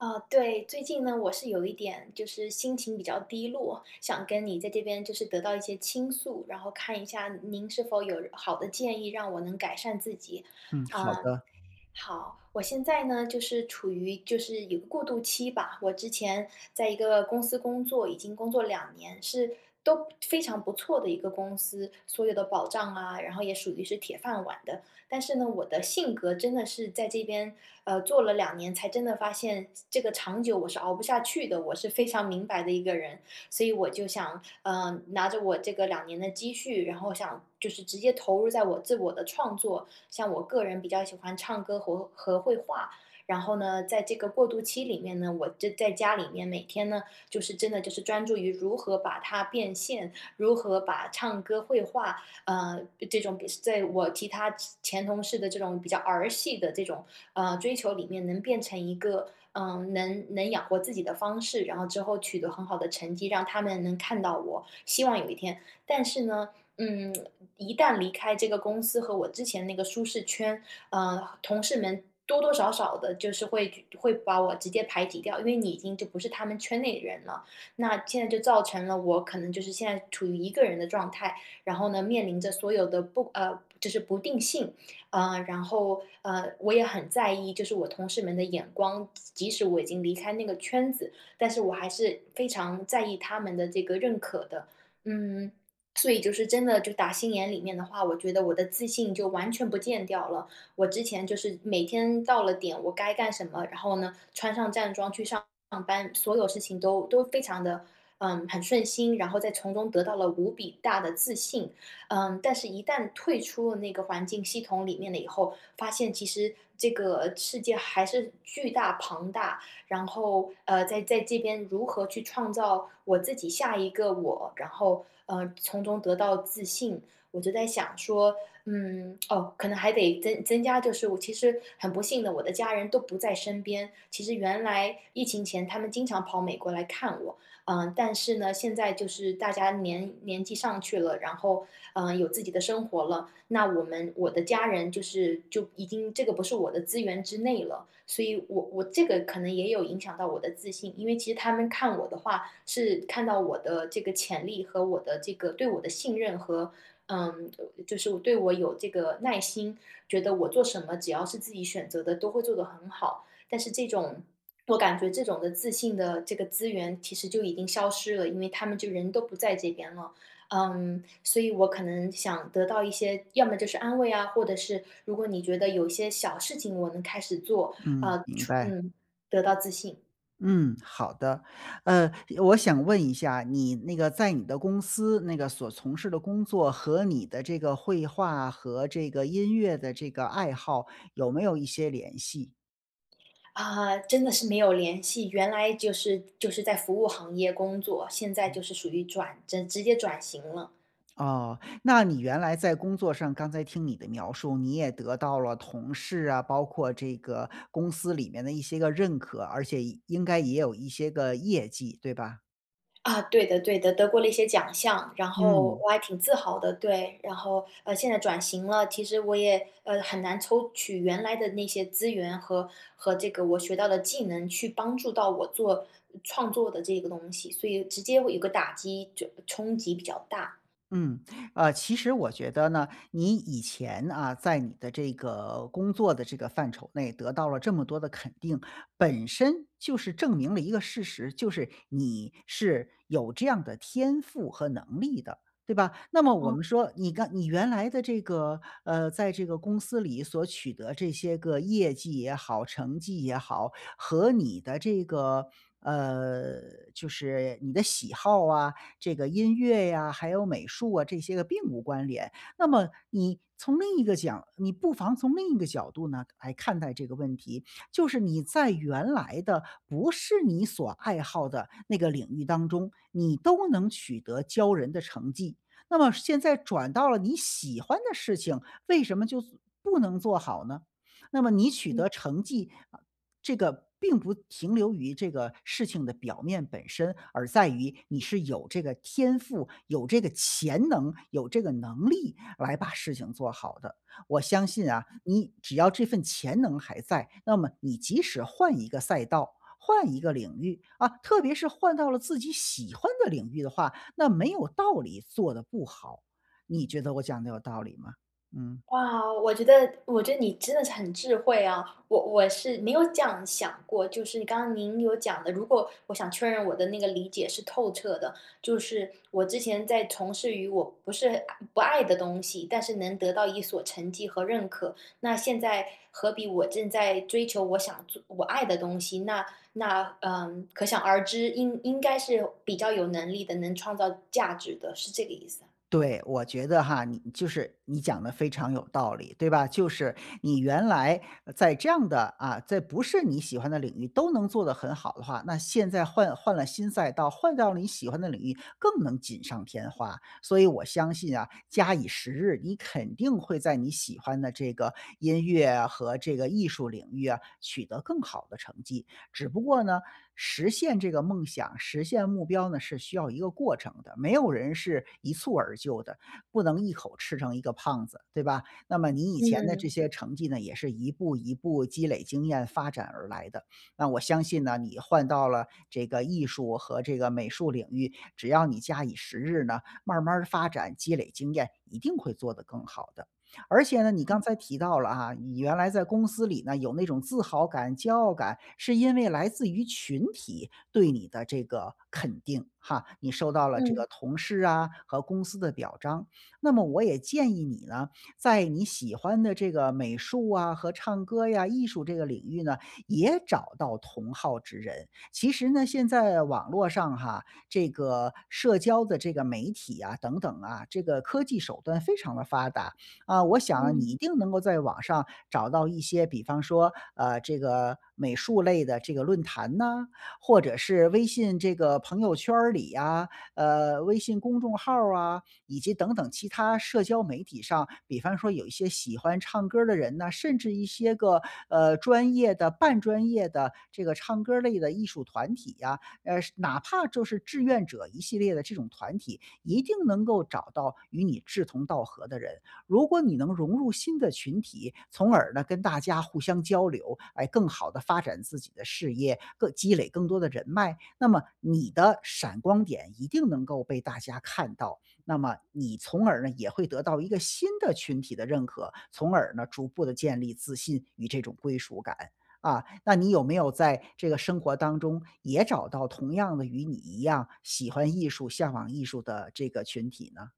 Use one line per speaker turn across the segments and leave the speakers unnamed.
啊，对。最近呢，我是有一点，就是心情比较低落，想跟你在这边，就是得到一些倾诉，然后看一下您是否有好的建议，让我能改善自己。
嗯，好
呃，
的。
好。我现在呢，就是处于就是有过渡期吧，我之前在一个公司工作，已经工作2年，是都非常不错的一个公司，所有的保障啊，然后也属于是铁饭碗的。但是呢，我的性格，真的是在这边，呃，做了2年才真的发现，这个长久我是熬不下去的，我是非常明白的一个人。所以我就想，呃，拿着我这个2年的积蓄，然后想就是直接投入在我在我的创作。像我个人比较喜欢唱歌和和绘画，然后呢，在这个过渡期里面呢，我这在家里面每天呢，就是真的就是专注于如何把它变现，如何把唱歌、绘画，呃，这种比是在我其他前前同事的这种比较儿戏的这种，呃，追求里面，能变成一个，呃，能能养活自己的方式，然后之后取得很好的成绩，让他们能看到我，希望有一天。但是呢，嗯，一旦离开这个公司和我之前那个舒适圈，呃，同事们多多少少地，就是会就会把我直接排挤掉。因为你已经就不是他们圈内的人了，那现在就造成了，我可能就是现在处于一个人的状态，然后呢，面临着所有的不呃，就是不定性。呃，然后，呃，我也很在意，就是我同事们的眼光，即即使我已经离开那个圈子，但是我还是非常在意他们的这个认可的。嗯，所以就是，真的就打心眼里面的话，我觉得我的自信就完全不见掉了。我之前就是每天到了点，我该干什么，然后呢，穿上战装去上上班所有事情，都都非常地呃，很顺心，然后再从中得到了无比大的自信。呃，但是一旦退出了那个环境系统里面了以后，发现其实这个世界还是巨大庞大。然后，呃，在在这边，如何去创造我自己下一个我，然后，呃，从中得到自信。我就在想说，嗯，哦，可能还得增增加，就是我其实很不幸的，我的家人都不在身边，其实原来疫情前，他们经常跑美国来看我。呃，但是呢，现在就是大家年年纪上去了，然后，呃，有自己的生活了，那我们我的家人就是就已经这个不是我的资源之内了。所以，我我这个可能也有影响到我的自信。因为其实他们看我的话，是看到我的这个潜力，和我的这个对我的信任和呃，就是对我有这个耐心，觉得我做什么，只要是自己选择的，都会做得很好。但是这种我感觉这种的自信的这个资源，其实就已经消失了，因为他们就人都不在这边了。呃，所以我可能想得到一些要么就是安慰啊，或者是如果你觉得有一些小事情，我能开始做，
嗯，
呃，
明
除
白。
嗯，得到自信。
嗯，好的。呃，我想问一下，你那个在你的公司，那个所从事的工作和你的这个绘画和这个音乐的这个爱好，有没有一些联系？
啊，真的是没有联系。原来就是就是在服务行业工作，现在
嗯。
就是属于转正，直接转型了。
哦，那你原来在工作上，刚才听你的描述，你也得到了同事啊，包括这个公司里面的一些个认可，而且也应该也有一些个业绩，对吧？
啊，对的对的，得过了一些奖项，然后
嗯。
我还挺自豪的，对。然后，呃，现在转型了，其实我也，呃，很难抽取原来的那些资源，和和这个我学到的技能，去帮助到我做，呃，创作的这个东西，所以直接会有个打击，就冲击比较大。
嗯，呃，其实我觉得呢，你以前啊，在你的这个工作的这个范畴内，得到了这么多的肯定，本身就是证明了一个事实，就是你是有这样的天赋和能力的，对吧？那么我
嗯。
们说，你刚你原来的这个，呃，在这个公司里，所取得这些个业绩也好，成绩也好，和你的这个呃，就是你的喜好啊，这个音乐呀，还有美术啊，这些个并无关联。那么，你从另一个讲，你不妨从另一个角度呢，来看待这个问题。就是你在原来的，不是你所爱好的那个领域当中，你都能取得骄人的成绩，那么现在转到了你喜欢的事情，为什么就做不能做好呢？那么你取
嗯。
得成绩，啊这个，并不停留于这个事情的表面本身，而在于你是有这个天赋，有这个潜能，有这个能力，来把事情做好的。我相信啊，
嗯。
你只要这份潜能还在，那么你即使换一个赛道、换一个领域，啊，特别是换到了自己喜欢的领域的话，那没有道理，做得不好，你觉得我讲得有道理吗？嗯。
哇，我觉得我觉得你真的是很智慧啊。我我是没有这样想过，就是刚刚您有讲的，如果我想确认我的那个理解是透彻的。就是我之前在从事于我不是爱不爱的东西，但是能得到一所成绩和认可。那现在，何必我正在追求我想做我爱的东西，那那，呃，可想而知，应应该是比较有能力的，能创造价值的，是这个意思。
对，我觉得哈，你就是你讲得非常有道理，对吧？就是你原来，呃，在这样的啊，在不是你喜欢的领域，都能做得很好的话，那现在换换了新赛道，换到了你喜欢的领域，更能锦上添花。所以我相信啊，假以时日，你肯定会在你喜欢的这个音乐和这个艺术领域啊，取得更好的成绩。只不过呢，实现这个梦想，实现目标呢，是需要一个过程的。没有人是一蹴而就的，不能一口吃成一个胖子，对吧？那么你以前的这
嗯。
些成绩呢，也是一步一步积累经验发展而来的。那我相信呢，你换到了这个艺术和这个美术领域，只要你假以时日呢，慢儿慢儿发展积累经验，一定会做得更好的。而且呢，你刚
嗯。
才提到了哈，你原来在公司里呢，有那种自豪感、骄傲感，是因为来自群体对你的这个肯定哈，你受到了这个
嗯。
同事啊和公司的表彰。那么我也建议你呢，在你喜欢的这个美术啊和唱歌呀、艺术这个领域呢，也找到同好之人。其实呢，现在网络上哈，这个社交的这个媒体啊，等等啊，这个科技手段非常地发达。啊，我想你
嗯。
一定能够在网上找到一些，比方说，呃，这个美术类的这个论坛呢，或者是微信这个朋友圈儿里啊，呃，微信公众号儿啊，以及等等其他社交媒体上，比方说有一些喜欢唱歌的人呢，甚至一些个，呃，专业的、半专业的这个唱歌儿类的艺术团体啊。呃，是哪怕就是志愿者一系列的这种团体，一定能够找到与你志同道合的人。如果你能融入新的群体，从而呢跟大家互相交流，来更好地发展自己的事业，更积累更多的人脉，那么你的闪光点，一定能够被大家看到。那么你从而呢，也会得到一个新的群体的认可，从而呢，逐步地建立自信与这种归属感。啊，那你有没有在这个生活当中，也找到同样的与你一样，喜欢艺术、向往艺术的这个群体呢？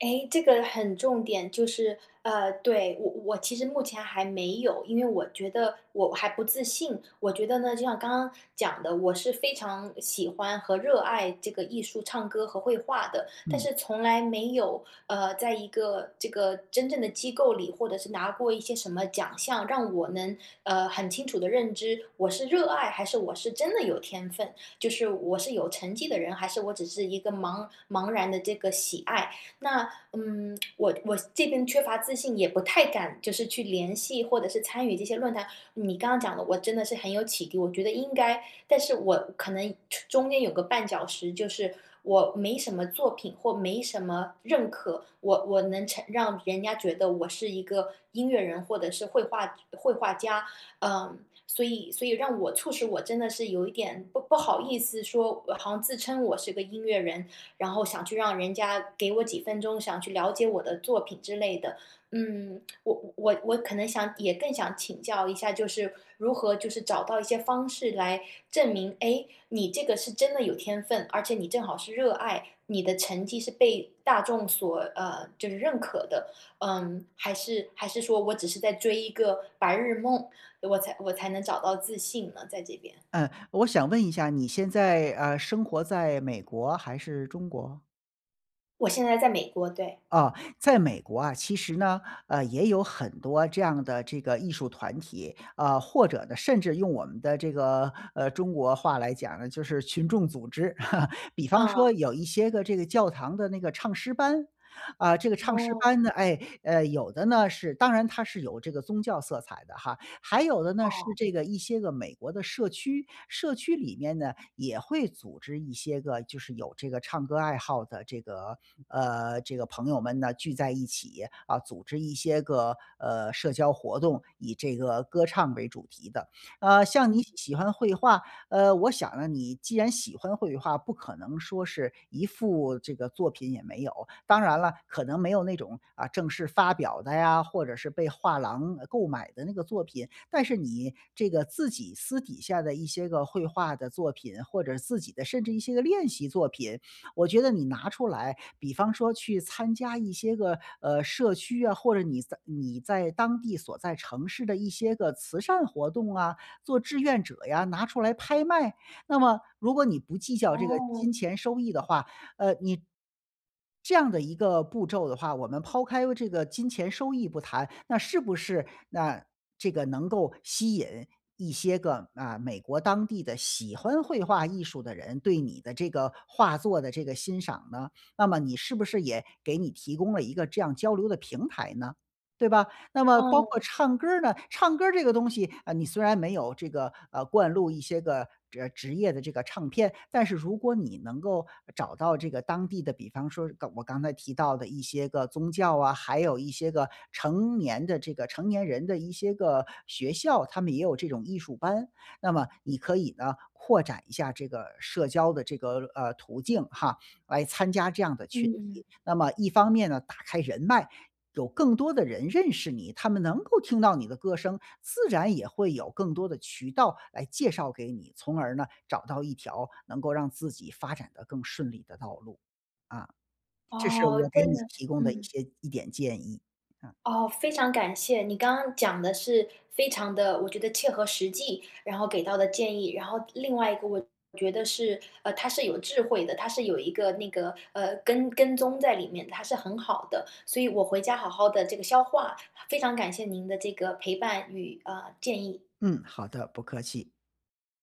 哎，这个很重点。就是呃，对，我我其实目前还没有，因为我觉得我还不自信，我觉得呢，就像刚刚讲的，我是非常喜欢和热爱这个艺术唱歌和绘画的，但
嗯。
是从来没有，呃，在一个这个真正的机构里，或者是拿过一些什么奖项，让我能，呃，很清楚地认知我是热爱还是我是真的有天分，就是我是有成绩的人还是我只是一个茫茫然的这个喜爱。那，嗯，我我这边缺乏自信，也不太敢就是去联系或者是参与这些论坛，你刚刚讲的我真的是很有启迪，我觉得应该但是我可能出中间有个绊脚石，就是我没什么作品或没什么认可。我我能成让人家觉得我是一个音乐人或者是绘画绘画家。呃，所以所以让我促使我真的是有一点不不好意思说好像自称我是个音乐人，然后想去让人家给我几分钟，想要去了解我的作品之类的。嗯，我我我我可能也想也更想请教一下，就是如何就是找到一些方式来证明，诶，你这个是真的有天分，而且你正好是热爱，你的成绩是被大众所呃，就是认可的？呃，还是还是说我只是在追一个白日梦，我才我才能找到自信呢？在这边。
嗯，我想问一下，你现在，呃，生活在美国还是中国？
我现在在美国，对。
啊，在美国啊，其实呢，呃，也有很多这样的这个艺术团体，啊，或者呢甚至用我们的这个，呃，中国话来讲呢，就是群众组织。比方说
嗯。
有一些个这个教堂的那个唱诗班，啊，这个唱诗班
哦。
呢哎，呃，有的呢，是当然它是有这个宗教色彩的哈，还有的呢，是
哦。
这个一些个美国的社区，社区里面呢，也会组织一些个就是有这个唱歌爱好的这个呃，这个朋友们呢，聚在一起，呃，组织一些个，呃，社交活动，以这个歌唱为主题的。呃，像你
嗯。
喜欢绘画，呃，我想呢，你既然喜欢绘画，不可能说是一幅这个作品也没有，当然了，可能没有那种，啊，正式发表的呀，或者是被画廊，呃，购买的那个作品，但是你这个自己私底下的一些个绘画的作品，或者自己的甚至一些个练习作品，我觉得你拿出来，比方说去参加一些个，呃，社区啊，或者你在你在当地所在城市的一些个慈善活动啊，做志愿者呀，拿出来拍卖。那么如果你不计较这个
哦。
金钱收益的话，呃，你这样的一个步骤的话，我们抛开这个金钱收益不谈，那是不是那这个能够吸引一些个，啊，美国当地的喜欢绘画艺术的人对你的这个画作的这个欣赏呢？那么你是不是也给你提供了一个这样交流的平台呢？对吧？那么包括
哦。
唱歌儿呢，唱歌儿这个东西，啊，你虽然没有这个呃，灌录一些个，呃，职业的这个唱片，但是如果你能够找到这个当地的，比方说刚我刚才提到的一些个宗教啊，还有一些个成年的这个成年人的一些个学校，他们也有这种艺术班。那么你可以呢，扩展一下这个社交的这个，呃，途径哈，来参加这样的群
嗯。
体。那么一方面呢，打开人脉，有更多的人认识你，他们能够听到你的歌声，自然也会有更多的渠道来介绍给你，从而呢，找到一条能够让自己发展地更顺利的道路。啊，这是
哦，
我给
真
你
的，
提供的一
嗯。
些一点建议，嗯。
哦，非常感谢，你刚刚讲得是非常地我觉得切合实际，然后给到的建议。然后另外一个我觉得是呃，它是有智慧的，它是有一个那个呃，跟跟踪在里面，它是很好的，所以我回家好好地这个消化，非常感谢您的这个陪伴与，呃，建议。
嗯，好的。不客气。